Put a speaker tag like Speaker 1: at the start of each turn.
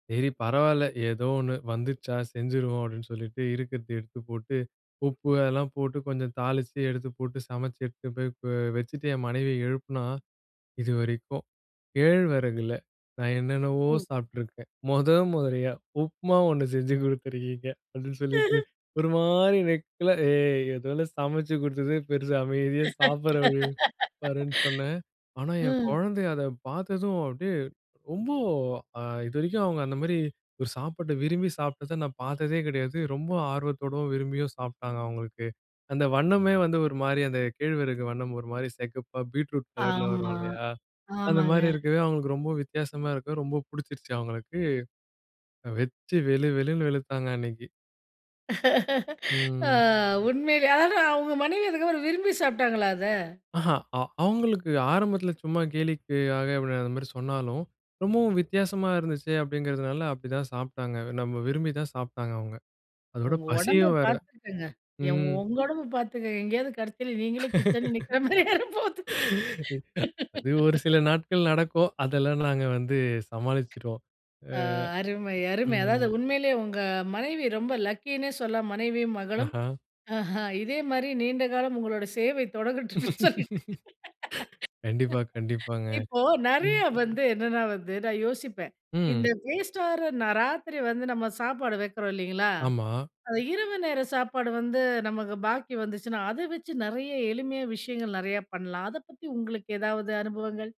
Speaker 1: சரி, பரவால்ல. ஏதோ ஒண்ணு வந்துருச்சா, செஞ்சிருவோம். அப்டின்னு சொல்லிட்டு இருக்குறத எடுத்துப் போட்டு, உப்பு எல்லாம் போட்டு, கொஞ்சம் தாளிச்சு, எடுத்துப் போட்டு, சமச்சு, எடுத்து போ போய் வச்சுட்டு என் மனைவிய எழுப்புனா, "இதுவரைக்கும் கேழ்வரகுல நான் என்னென்னவோ
Speaker 2: ம்.
Speaker 1: சாப்ட்டுருக்கேன். மொத மொதரியா, உப்மா ஒண்ணு செஞ்சு குடுத்திருக்கீங்க." அப்டின்னு சொல்லிட்டு, ஒரு மாரி நக்கலா, "ஏய்! ஏதோ நான் சமச்சு குடுத்ததே பெருசு. அமைதியா சாப்டுற வழிய பாருன்னு சொன்னேன்." ஆனா, என்
Speaker 2: ம்.
Speaker 1: கொழந்தை அத பாத்ததும், அப்டியே ரொம்ப அ இதுவரைக்கும் அவங்க அந்த மாரி ஒரு சாப்பாட விரும்பி சாப்ட்டத நான் பாத்ததே கெடையாது. ரொம்ப ஆர்வத்தோடும், விரும்பியும் சாப்ட்டாங்க அவங்களுக்கு. அந்த வண்ணமே வந்து ஒரு மாரி அந்த கேழ்வரகு வண்ணம் ஒரு மாரி செக்கப்பா, பீட்ரூட் கலர்ல வரும்
Speaker 2: ஆமா.
Speaker 1: இல்லையா? அந்த
Speaker 2: ஆமாங்க.
Speaker 1: மாரி இருக்கவே அவங்களுக்கு ரொம்ப வித்தியாசமா இருக்க, ரொம்ப பிடிச்சிருச்சு அவங்களுக்கு. வெச்சு வெளு வெளுன்னு வெளுத்தாங்க அன்னைக்கு.
Speaker 2: அ
Speaker 1: ம்.
Speaker 2: உண்மையிலே ஆனா, உங்க மனைவி அதுக்கப்புறம் விரும்பி சாப்ட்டாங்களா அத?
Speaker 1: அஹ. அ அவங்களுக்கு ஆரம்பத்துல சும்மா கேலிக்காக அந்த மாரி சொன்னாலும், ரொம்பவும் வித்தியாசமா இருந்துச்சே அப்டிங்கறதுனால அப்டிதான் சாப்ட்டாங்க. நம்ம விரும்பி தான் சாப்ட்டாங்க அவங்க. அதோட
Speaker 2: உங்க உடம்ப
Speaker 1: பசியும் வேற.
Speaker 2: பாத்துக்கங்க, எ
Speaker 1: ம்.
Speaker 2: உங்க உடம்ப பாத்துக்கங்க எங்கயாவது கடைசில நீங்களே கிச்சன்ல நிக்ற மாரியே ஆயிற போது.
Speaker 1: அது ஒரு சில நாட்கள் நடக்கும், அதெல்லாம் நாங்க வந்து சமாளிச்சுடுவோம். ஆ,
Speaker 2: அ அருமை! அருமை! அதாவது
Speaker 1: ம்.
Speaker 2: உண்மையிலேயே உங்க மனைவி ரொம்ப லக்கினே சொல்லலாம். மனைவியும், மகளும்.
Speaker 1: ஆஹா.
Speaker 2: ஆஹ இதே மாரி நீண்ட காலம் உங்களோட சேவை தொடங்கட்டும்னு சொல்லி,
Speaker 1: கண்டிப்பா, கண்டிப்பாங்க.
Speaker 2: இப்போ நெறைய
Speaker 1: ம்.
Speaker 2: வந்து என்னன்னா வந்து நான் யோசிப்பேன், இந்த
Speaker 1: ம்.
Speaker 2: வேஸ்ட்டாற ராத்திரி வந்து நம்ம சாப்பாடு வைக்றோம் இல்லைங்களா?
Speaker 1: ஆமா.
Speaker 2: இரவு நேர சாப்பாடு வந்து நமக்கு பாக்கி வந்துச்சுன்னா, அத வச்சு நெறைய எளிமையான விஷயங்கள் நெறைய பண்லாம். அதப்பத்தி உங்களுக்கு ஏதாவது அனுபவங்கள்?